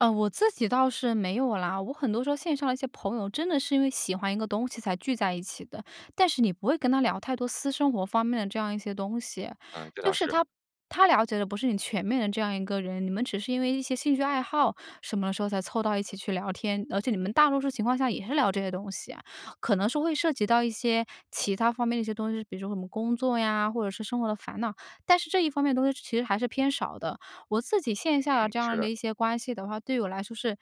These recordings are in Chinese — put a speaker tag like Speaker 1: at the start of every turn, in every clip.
Speaker 1: 呃，我自己倒是没有啦。我很多时候线上的一些朋友真的是因为喜欢一个东西才聚在一起的，但是你不会跟他聊太多私生活方面的这样一些东西。
Speaker 2: 嗯，这
Speaker 1: 就
Speaker 2: 倒
Speaker 1: 是他
Speaker 2: 是。
Speaker 1: 他了解的不是你全面的这样一个人，你们只是因为一些兴趣爱好什么时候才凑到一起去聊天，而且你们大多数情况下也是聊这些东西啊。可能是会涉及到一些其它方面的一些东西，比如说我们工作呀，或者是生活的烦恼，但是这一方面的东西其实还是偏少的。我自己线下的
Speaker 2: 嗯，
Speaker 1: 这
Speaker 2: 是
Speaker 1: 样
Speaker 2: 的。
Speaker 1: 的一些关系的话，对我来说是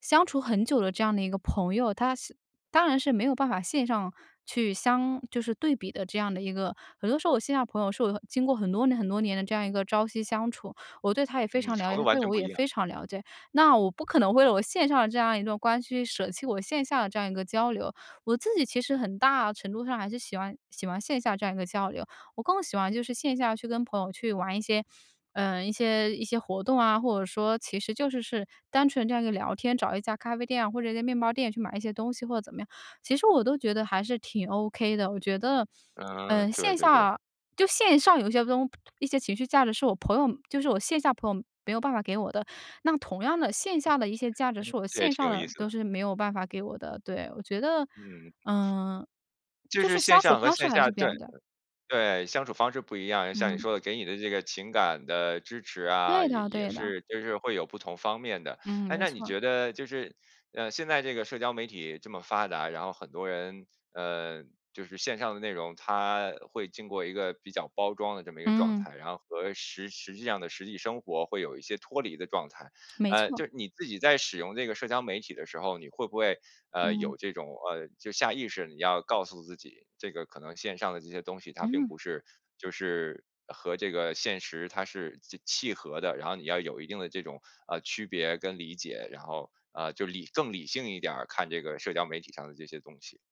Speaker 1: 相处很久的这样的一个朋友，他是当然是没有办法线上去相就是对比的这样的一个。很多时候我线下的朋友是我的经过很多年很多年的这样一个朝夕相处，我对他也非
Speaker 2: 嗯，
Speaker 1: 常
Speaker 2: 程
Speaker 1: 了解，
Speaker 2: 度
Speaker 1: 他
Speaker 2: 完
Speaker 1: 对
Speaker 2: 全
Speaker 1: 我
Speaker 2: 不
Speaker 1: 也
Speaker 2: 一样。
Speaker 1: 非常了解。那我不可能为了我线上的这样一段关系，去舍弃我线下的这样一个交流。我自己其实很大程度上还是喜欢喜欢线下这样一个交流，我更喜欢就是线下去跟朋友去玩一些，呃，一些一些活动啊，或者说其实就是是单纯这样一个聊天，找一家咖啡店啊，或者一家面包店去买一些东西或者怎么样，其实我都觉得还是挺 ok 的。我觉得，
Speaker 2: 嗯嗯，
Speaker 1: 嗯，
Speaker 2: 对
Speaker 1: 线
Speaker 2: 对对。
Speaker 1: 下就线上有些东一些情绪价值是我朋友就是我线下朋友没有办法给我的。那同样的，线下的一些价值是
Speaker 2: 嗯，
Speaker 1: 我
Speaker 2: 这也
Speaker 1: 线
Speaker 2: 挺
Speaker 1: 上
Speaker 2: 有意
Speaker 1: 的
Speaker 2: 思的。
Speaker 1: 都是没有办法给我的。对，我觉得，
Speaker 2: 嗯。
Speaker 1: 嗯，
Speaker 2: 就
Speaker 1: 就
Speaker 2: 是
Speaker 1: 是
Speaker 2: 线
Speaker 1: 相处
Speaker 2: 上和
Speaker 1: 方式
Speaker 2: 线
Speaker 1: 还是
Speaker 2: 下
Speaker 1: 不一
Speaker 2: 对，
Speaker 1: 样的。
Speaker 2: 对，相处方式不一样。然后像你
Speaker 1: 嗯。
Speaker 2: 说的，给你的这个情感的支持啊，
Speaker 1: 对
Speaker 2: 也
Speaker 1: 的
Speaker 2: 也
Speaker 1: 对的。
Speaker 2: 是就是会有不同方面的。
Speaker 1: 嗯，
Speaker 2: 诶，
Speaker 1: 没
Speaker 2: 那你
Speaker 1: 错儿。
Speaker 2: 觉得就是，呃，现在这个社交媒体这么发达，然后很多人，呃，就是线上的内容，它会经过一个比较包装的这么一个状
Speaker 1: 嗯。
Speaker 2: 态，然后和实实际上的实际生活会有一些脱离的状态。
Speaker 1: 没
Speaker 2: 呃，就
Speaker 1: 错。
Speaker 2: 是你自己在使用这个社交媒体的时候，你会不会，呃，
Speaker 1: 嗯。
Speaker 2: 有这种，呃，就是下意识你要告诉自己，这个可能线上的这些东西，它并
Speaker 1: 嗯。
Speaker 2: 不是就是和这个现实它是就契合的。然后你要有一定的这种，啊，区别跟理解，然后，呃，就理更理性一点儿看这个社交媒体上的这些东西。